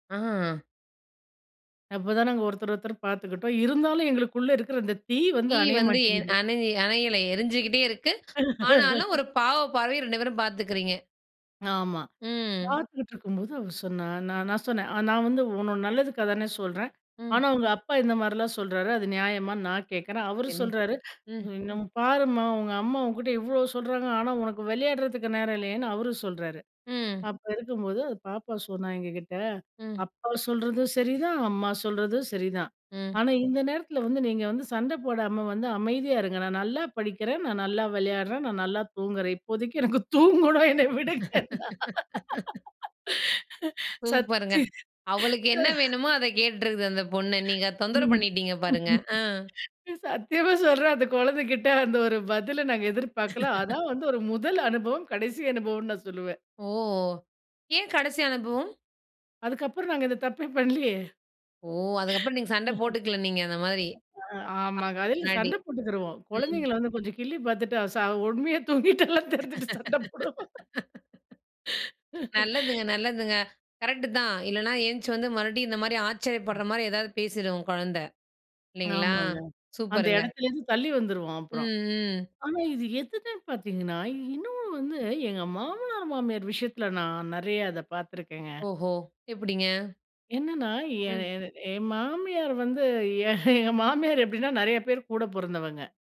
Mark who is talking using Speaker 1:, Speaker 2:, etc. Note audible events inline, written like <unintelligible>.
Speaker 1: ஆ,
Speaker 2: அப்பதான் நாங்க ஒருத்தர ஒருத்தர் பாத்துக்கிட்டோம். இருந்தாலும், எங்களுக்குள்ள இருக்குற அந்த தீ வந்து
Speaker 1: தீ
Speaker 2: அணைய
Speaker 1: வந்து எ
Speaker 2: மாட்டிங்குது.
Speaker 1: அணை அணையல, எரிஞ்சுகிட்டே இருக்கு. ஆனாலும்,
Speaker 2: <laughs>
Speaker 1: ஒரு பாவ பார்வைய 2 பேரும் பாத்துக்கிறீங்க.
Speaker 2: ஆமா.
Speaker 1: ம்.
Speaker 2: பாத்துகிட்டு இருக்கும்போது அவ சொன்னா, நா நான் சொன்னேன். நான் வந்து உன்னோட நல்லதுக்காதானே சொல்றேன்.
Speaker 1: ம்.
Speaker 2: ஆனா உங்க அப்பா இந்த மாரிலாம் சொறாரு, அது நியாயமான்னு நான் கேக்குறேன். அவரு
Speaker 1: என்ன,
Speaker 2: சொல்றாரு,
Speaker 1: ம்.
Speaker 2: "என்ன, பாரும்மா உங்க அம்மா உன்கிட்ட இவ்வளோ சொல்றாங்க ஆனா உனக்கு விளையாடுறதுக்கு நேரம் இல்லயேன்னு" அவரு சொல்றாரு.
Speaker 1: ம்.
Speaker 2: அப்ப இருக்கும்போது பாப்பா சொன்னா எங்ககிட்ட,
Speaker 1: ம்.
Speaker 2: "அப்பா சொல்றதும் சரிதான். அம்மா சொல்றதும் சரிதான்.
Speaker 1: ம்.
Speaker 2: ஆனா இந்த நேரத்துல வந்து நீங்க வந்து சண்ட போடாம வந்து அமைதியா இருங்க. நான் நல்லா படிக்குறேன். நான் நல்லா விளையாடுறேன். நான் நல்லா தூங்குறேன். இப்போதைக்கு எனக்கு தூங்கணும் என்ன விடுங்கன்னா."
Speaker 1: <laughs> சூப்பருங்க.
Speaker 2: சத்தி
Speaker 1: அவளுக்கு என்ன வேணுமோ அத கேட்டிருக்குது அந்த பொண்ணு. நீங்க அத தொந்தரவு
Speaker 2: ம்.
Speaker 1: பண்ணிட்டீங்க பாருங்க. அ.
Speaker 2: சத்தியமா சொல்றேன், அந்த கொழந்தைகிட்ட அந்த ஒரு பதில நாங்க எதிர்பார்க்கல.
Speaker 1: <laughs>
Speaker 2: அதான் வந்து ஒரு முதல் அனுபவம் கடைசி அனுபவம்னு நான் சொல்லுவேன்.
Speaker 1: ஓ! ஏன் கடைசி அனுபவம்?
Speaker 2: அதுக்கப்புறம் நாங்க இந்த தப்பே பண்லியே.
Speaker 1: ஓ! அதுக்கப்புறம் நீங்க சண்டை போட்டுக்கல நீங்க அந்த மாரி. அ
Speaker 2: <laughs> அ ஆமாங்க. அதுல
Speaker 1: <unintelligible> முன்னாடி.
Speaker 2: சண்ட போட்டுக்கிருவோம்.
Speaker 1: ம்.
Speaker 2: கொழந்தைங்கள வந்து கொஞ்சம் கிள்ளி பாத்துட்டு, அ ச உண்மையா தூங்கிட்டாளானு தெரிஞ்சிட்டு சண்ட போடுவோம்,
Speaker 1: <laughs> நல்லதுங்க,
Speaker 2: <laughs>
Speaker 1: நல்லதுங்க. கரெக்ட்டு தான். இல்லன்னா, எந்திச்சி வந்து மறுபடியும் இந்த மாரி ஆச்சரியப்படுற மாரி ஏதாவது பேசிடும் உங்க கொழந்தை. இல்லைங்களா,
Speaker 2: ஆமாங்க. அந்த
Speaker 1: சூப்பருங்க.
Speaker 2: இடத்துலேந்து தள்ளி வந்துருவோம் அப்புறம்.
Speaker 1: ம், ம்.
Speaker 2: ஆனா இது எதுமே பாத்தீங்கன்னா இன்னும் வந்து, எங்க மாமனார் மாமியார் விஷயத்துல நான் நறையா இத பாத்துருக்கேங்க.
Speaker 1: ஓஹோ! எப்டிங்க?
Speaker 2: என்னன்னா எ
Speaker 1: ம்.
Speaker 2: எ என் மாமியார் வந்து, எ எங்க மாமியார் எப்டின்னா நறையா பேர் கூட பொறந்தவங்க,